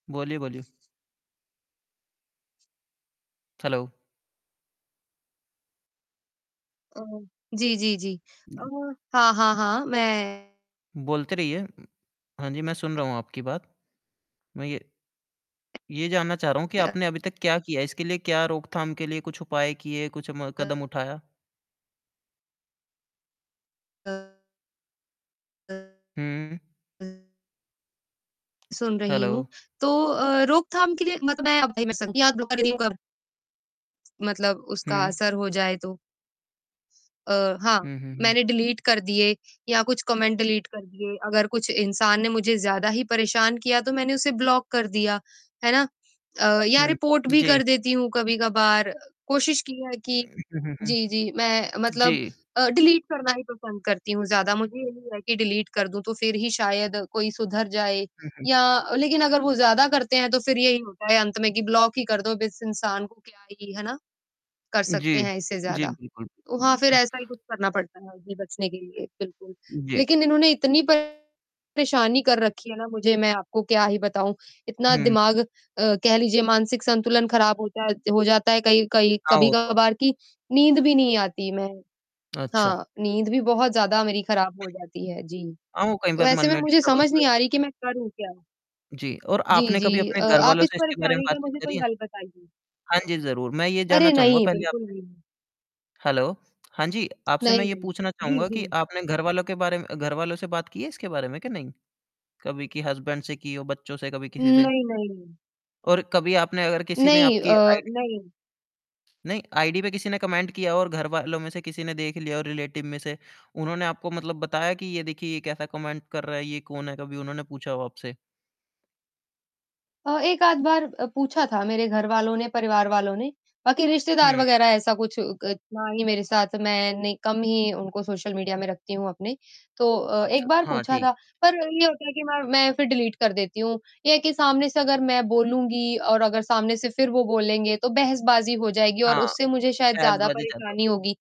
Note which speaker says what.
Speaker 1: बोलिए, बोलिए। हैलो
Speaker 2: अ, जी, जी, जी। अ, हाँ, हाँ, हाँ, मैं
Speaker 1: बोलते रहिए। उ हाँ जी, मैं सुन रहा हूँ आपकी बात। मैं ये ये जानना चाह रहा हूँ कि
Speaker 2: अ
Speaker 1: आपने अभी तक क्या किया? इसके लिए क्या रोकथाम के लिए कुछ उपाय किए, कुछ म कदम
Speaker 2: [unintelligible]
Speaker 1: उठाया?
Speaker 2: [unintelligible]
Speaker 1: हुँ। उ
Speaker 2: [unintelligible] सुन रही
Speaker 1: हैलो।
Speaker 2: हूँ, तो अ, रोकथाम के लिए मत मैं [unintelligible] मतलब, उसका
Speaker 1: हुँ।
Speaker 2: असर हो जाए तो। अ, हाँ,
Speaker 1: हुँ, हुँ, हुँ।
Speaker 2: मैंने डिलीट कर दिए, या कुछ कमेंट डिलीट कर दिए, अगर कुछ इंसान ने मुझे ज़्यादा ही परेशान किया तो मैंने उसे ब्लॉक कर दिया, है ना? अ, या
Speaker 1: हुँ,
Speaker 2: रिपोर्ट भी
Speaker 1: जी।
Speaker 2: कर देती हूँ कभी-कभार कोशिश की है
Speaker 1: हुँ,
Speaker 2: कि
Speaker 1: हुँ, हुँ।
Speaker 2: जी, जी, मैं मतलब अ, डिलीट करना ही पसंद करती हूँ ज़्यादा मुझे ये कि डिलीट कर दूँ तो फिर ही शायद कोई सुधर जाए
Speaker 1: हुँ, हुँ।
Speaker 2: या लेकिन अगर वो ज़्यादा करते हैं तो फिर यही होता है अंत में कि ब्लॉक ही कर दो अब इस इंसान को क्या ही है ना? कर
Speaker 1: उ,
Speaker 2: सकते
Speaker 1: जी,
Speaker 2: हैं इससे
Speaker 1: जी,
Speaker 2: ज़्यादा।
Speaker 1: बिल्कुल।
Speaker 2: तो हाँ, फिर ऐसा ही कुछ करना पड़ता है हमें बचने के लिए बिल्कुल।
Speaker 1: जी।
Speaker 2: लेकिन इन्होंने इतनी परेशानी कर रखी है ना मुझे मैं आपको क्या ही बताऊँ, इतना
Speaker 1: हुँ।
Speaker 2: दिमाग अ, कह लीजिए मानसिक संतुलन खराब हो जाए हो जाता है कई कई
Speaker 1: हाँ, वो तो
Speaker 2: कभी-कभार
Speaker 1: है।
Speaker 2: कि नींद भी नहीं आती मैं
Speaker 1: अच्छा।
Speaker 2: हाँ, नींद भी बहुत ज़्यादा मेरी खराब हो
Speaker 1: जी।
Speaker 2: जाती है, जी।
Speaker 1: हाँ, वो कई
Speaker 2: तो
Speaker 1: बार मन
Speaker 2: ऐसे में
Speaker 1: में
Speaker 2: मुझे
Speaker 1: डिस्टर्बेंस
Speaker 2: समझ
Speaker 1: रह
Speaker 2: नहीं आ रही कि मैं करूँ क्या?
Speaker 1: जी, और
Speaker 2: जी,
Speaker 1: आपने कभी
Speaker 2: जी,
Speaker 1: अपने
Speaker 2: अ, आप
Speaker 1: घरवालों
Speaker 2: इस
Speaker 1: से इसके बारे में
Speaker 2: परेशानी का
Speaker 1: बातचीत
Speaker 2: मुझे
Speaker 1: करी
Speaker 2: कोई
Speaker 1: है?
Speaker 2: हल बताइए।
Speaker 1: हाँ जी, ज़रूर, मैं ये जानना
Speaker 2: अरे
Speaker 1: चाहूँगा
Speaker 2: नहीं!
Speaker 1: पहले
Speaker 2: बिल्कुल
Speaker 1: आपसे।
Speaker 2: नहीं।
Speaker 1: हैलो हाँ जी, आपसे मैं
Speaker 2: नहीं,
Speaker 1: ये
Speaker 2: नहीं।
Speaker 1: पूछना
Speaker 2: जी,
Speaker 1: चाहूँगा कि
Speaker 2: जी।
Speaker 1: आपने घरवालों के बारे घरवालों से बात की है इसके बारे में कि नहीं? कभी कि हस्बैंड से की हो, बच्चों से कभी
Speaker 2: उम,
Speaker 1: किसी से?
Speaker 2: नहीं, नहीं।
Speaker 1: और कभी आपने अगर किसी ने
Speaker 2: नहीं,
Speaker 1: आपकी
Speaker 2: अ,
Speaker 1: आईडी
Speaker 2: नहीं।
Speaker 1: नहीं, आईडी पे किसी ने कमेंट किया और घरवालों में से किसी ने देख लिया हो रिलेटिव में से, उन्होंने आपको मतलब बताया कि ये देखिए ये कैसा कमेंट कर रहा है, ये कौन है, कभी उन्होंने पूछा हो आपसे?
Speaker 2: अ, एक आध बार अ, पूछा था मेरे घर वालों ने, परिवार वालों ने। बाकी रिश्तेदार
Speaker 1: हुँ।
Speaker 2: वगैरह ऐसा कुछ क ना हीं मेरे साथ मैं नहीं कम ही उनको सोशल मीडिया में रखती हूँ अपने। तो अ,
Speaker 1: अच्छा,
Speaker 2: एक बार
Speaker 1: हाँ,
Speaker 2: पूछा
Speaker 1: ठीक।
Speaker 2: था, पर ये होता है कि मैं मैं फिर डिलीट कर देती हूँ, ये है कि सामने से अगर मैं बोलूँगी और अगर सामने से फिर वो बोलेंगे तो बहसबाजी हो जाएगी और
Speaker 1: हाँ,
Speaker 2: उससे मुझे शायद ज़्यादा
Speaker 1: बहसबाजी ज्यादा
Speaker 2: परेशानी होगी।